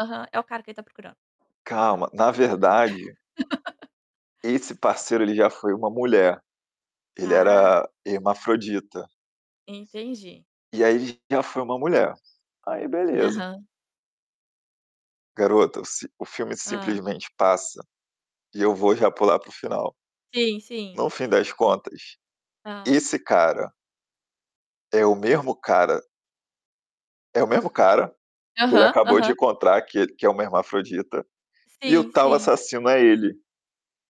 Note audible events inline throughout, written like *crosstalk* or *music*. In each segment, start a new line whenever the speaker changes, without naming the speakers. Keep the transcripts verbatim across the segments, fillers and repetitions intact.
Aham, é o cara que ele está procurando não.
Calma, na verdade esse
*laughs*
parceiro ele já foi uma mulher, ele
Ah.
era hermafrodita.
Entendi.
E aí, ele já foi uma mulher. Aí beleza.
Aham.
Garota, o s o filme
Hã.
simplesmente passa, e eu vou já pular para o final.
Sim, sim.
No fim das contas,
Ah.
esse cara é o mesmo cara é o mesmo cara, que ele
Aham,
acabou de
aham.
encontrar que que é uma hermafrodita, e o
Sim,
tal,
sim.
assassino é ele.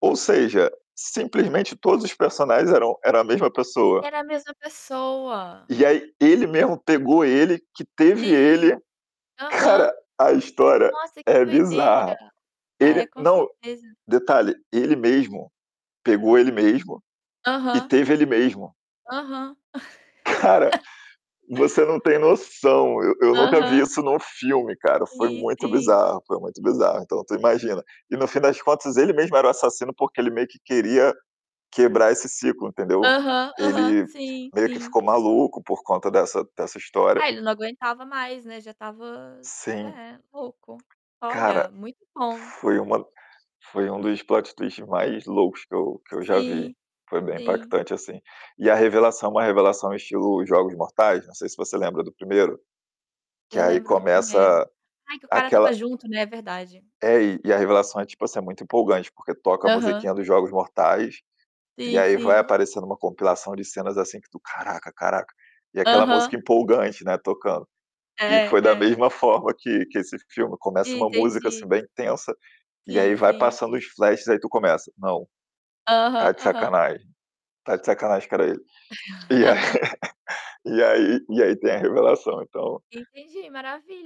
Ou seja, simplesmente todos os personagens eram era a mesma pessoa.
Era a mesma pessoa.
E aí, ele mesmo pegou ele, que teve
Sim,
ele. Cara,
aham,
a história
nossa que
é
doideira.
bizarra. Ele,
É, com
não
certeza.
detalhe, ele mesmo pegou ele mesmo, e
Aham.
teve ele mesmo.
Aham.
Cara,
*chuckles*
você não tem noção, eu eu nunca vi
Aham.
isso em um filme, cara, foi
Sim,
muito
sim.
bizarro, foi muito bizarro. Então tu imagina e, no fim das contas, ele mesmo era o assassino porque ele meio que queria quebrar esse ciclo, entendeu?
Aham, aham,
Ele
sim,
meio que
sim.
ficou maluco por conta dessa dessa história.
Ah, ele não aguentava mais, né. Já estava,
Sim.
é, louco,
Cara,
olha, muito bom.
foi uma foi um dos plot twist mais loucos que eu que eu já
Sim,
vi, foi bem
sim.
impactante, assim. E a revelação, é uma revelação estilo Jogos Mortais, não sei se você lembra do primeiro que
Eu
aí
lembro do primeiro,
começa
ai, que o cara estava
aquela
junto, né, é verdade?
É, e a revelação é tipo, assim, muito empolgante, porque toca a
Aham.
musiquinha dos Jogos Mortais, e
Sim,
aí vai
sim.
aparecendo uma compilação de cenas, assim, que tu: "Caraca, caraca!", e aquela música
Aham.
empolgante, né, tocando. E
É
foi da
é.
mesma forma que que esse filme começa, uma música, assim,
Entendi.
bem tensa, e
Sim,
aí vai
sim.
passando os flashes aí tu começa: "Não,
Aham,
tá de
aham.
sacanagem, tá de sacanagem, que era ele". E aí
*laughs*
e aí e aí tem a revelação então
Entendi,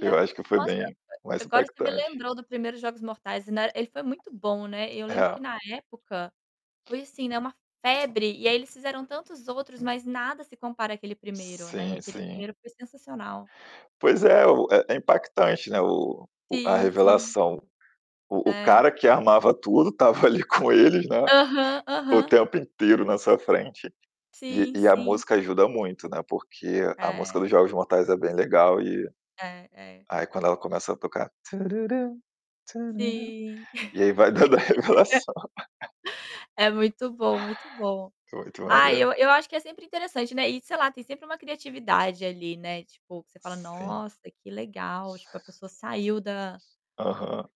eu acho que foi
nossa,
bem mais
agora você me
impactante.
lembrou do primeiro Jogos Mortais e na ele foi muito bom, né, e eu lembro
É.
que, na época, foi assim, né, uma febre, e aí eles fizeram tantos outros, mas nada se compara aquele primeiro, né,
Sim,
aquele
sim.
primeiro foi sensacional.
Pois é, o é é impactante, né, o a
Sim, sim.
revelação. O o
É.
cara que armava tudo tava, ali, com eles, né,
Aham,
o
aham.
tempo inteiro na sua frente. E
Sim,
e a
sim.
música ajuda muito, né, porque a música
É.
dos Jogos Mortais é bem legal, e
É, é.
aí, quando ela começa a tocar,
Sim.
*humming* e aí vai dando a revelação. *laughs*
*laughs* É muito bom, muito bom.
Muito
Ah,
maneiro.
eu eu acho que é sempre interessante, né, e, sei lá, tem sempre uma criatividade ali, né, tipo que você fala:
Sim.
"Nossa, que legal!", tipo a pessoa saiu da
Aham.